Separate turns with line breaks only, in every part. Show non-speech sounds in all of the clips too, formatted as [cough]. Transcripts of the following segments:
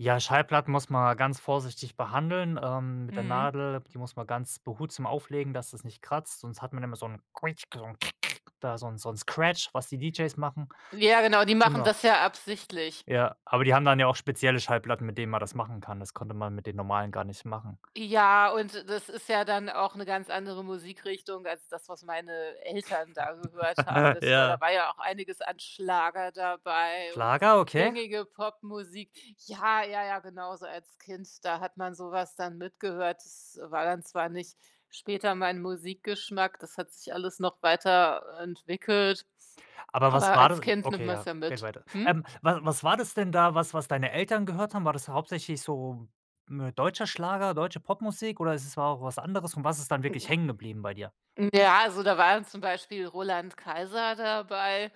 Ja, Schallplatten muss man ganz vorsichtig behandeln, ähm, mit der
Mhm.
Nadel, die muss man ganz behutsam auflegen, dass es nicht kratzt, sonst hat man immer so 'n, da so 'n so 'n Scratch, was die DJs machen.
Ja genau, die machen
Genau.
das ja absichtlich.
Ja, aber die haben dann ja auch spezielle Schallplatten, mit denen man das machen kann. Das konnte man mit den normalen gar nicht machen.
Ja, und das ist ja dann auch 'ne ganz andere Musikrichtung als das, was meine Eltern da gehört haben.
[chuckles]
Das war
Ja.
da war ja auch einiges an Schlager dabei und
Schlager, okay.
gängige Popmusik. Ja, ja, ja, genau so als Kind, da hat man so was dann mitgehört. Das war dann zwar nicht später mein Musikgeschmack, das hat sich alles noch weiterentwickelt,
Aber was
aber
war
als
das
Kind nimmt
okay,
man's
ja,
ja
geht
mit.
weiter.
Hm?
Ähm, wa was war das denn da, was was deine Eltern gehört haben? War das hauptsächlich so m deutscher Schlager, deutsche Popmusik, oder ist es war auch was anderes und was ist dann wirklich hängen
M
geblieben bei dir?
ja, also da war dann zum Beispiel Roland Kaiser dabei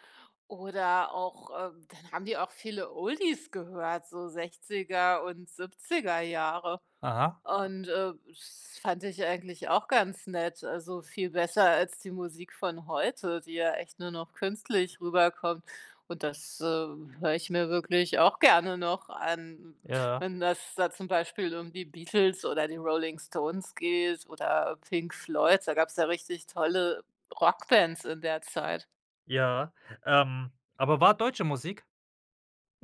oder auch, ähm dann haben die auch viele Oldies gehört, so 60er und 70er Jahre
Aha.
und, äh, das fand ich eigentlich auch ganz nett, also viel besser als die Musik von heute, die ja echt nur noch künstlich rüberkommt. Und das, äh, höre ich mir wirklich auch gerne noch an,
Ja.
wenn das da zum Beispiel um die Beatles oder die Rolling Stones geht oder Pink Floyd. Da gab's ja richtig tolle Rockbands in der Zeit.
Ja, ähm, aber war deutsche Musik?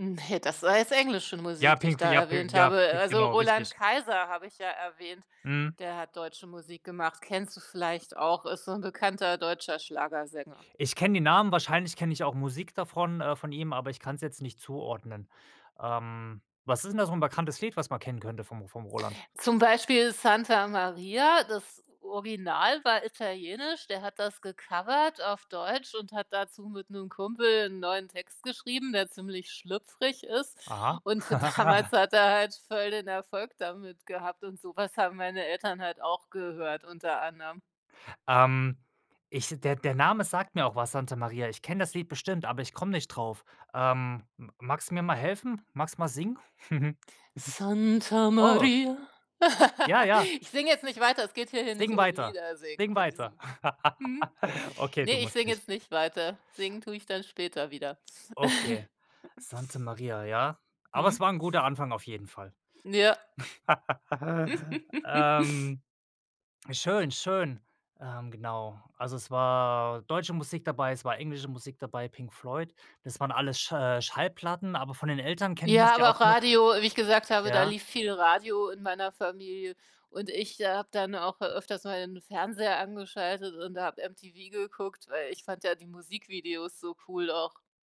Ne, das war jetzt englische
Ja,
Musik, die ich
Pink F
da
ja, P
erwähnt
ja,
habe.
Pink,
Also,
genau,
Roland
richtig.
Kaiser habe ich ja erwähnt,
Mhm.
der hat deutsche Musik gemacht. Kennst du vielleicht auch, ist so 'n bekannter deutscher Schlagersänger.
Ich kenne den Namen, wahrscheinlich kenne ich auch Musik davon äh, von ihm, aber ich kann's jetzt nicht zuordnen. Ähm, was ist denn da so 'n bekanntes Lied, was man kennen könnte vom vom Roland?
Zum Beispiel „Santa Maria“. Das Original war italienisch, der hat das gecovert auf Deutsch und hat dazu mit 'nem Kumpel 'n neuen Text geschrieben, der ziemlich schlüpfrig ist,
Aha.
und damals
[chuckles]
hat er halt voll den Erfolg damit gehabt und so was haben meine Eltern halt auch gehört unter anderem.
Ähm, ich der der Name sagt mir auch was, „Santa Maria”. Ich kenne das Lied bestimmt, aber ich komme nicht drauf, ähm, m magst du mir mal helfen? Magst du mal singen? [chuckles]
Santa
Oh.
Maria.
Ja,
[laughs]
ja.
Ich singe jetzt nicht weiter, es geht hier hier nicht
Sing
um
weiter.
Lieder singen
Sing
in
weiter.
diesem
[laughs]
Hm?
Okay,
Ne,
du
ich
musst
singe
nicht.
jetzt nicht weiter, singen tue ich dann später wieder.
Okay,
[snorts]
„Santa Maria”, ja, aber
Hm.
es war 'n guter Anfang auf jeden Fall.
Ja.
[chuckles]
[chuckles]
Ähm, schön, schön, ähm, genau, also, es war deutsche Musik dabei, es war englische Musik dabei, Pink Floyd. Das waren alles Sch äh, Schallplatten, aber von den Eltern kennt man's
Ja,
ja
aber
auch
auch
noch
Radio wie ich gesagt habe, da
ja?
lief viel Radio in meiner Familie und ich habe dann auch öfters mal den Fernseher angeschaltet und habe MTV geguckt, weil ich fand ja die Musikvideos so cool auch.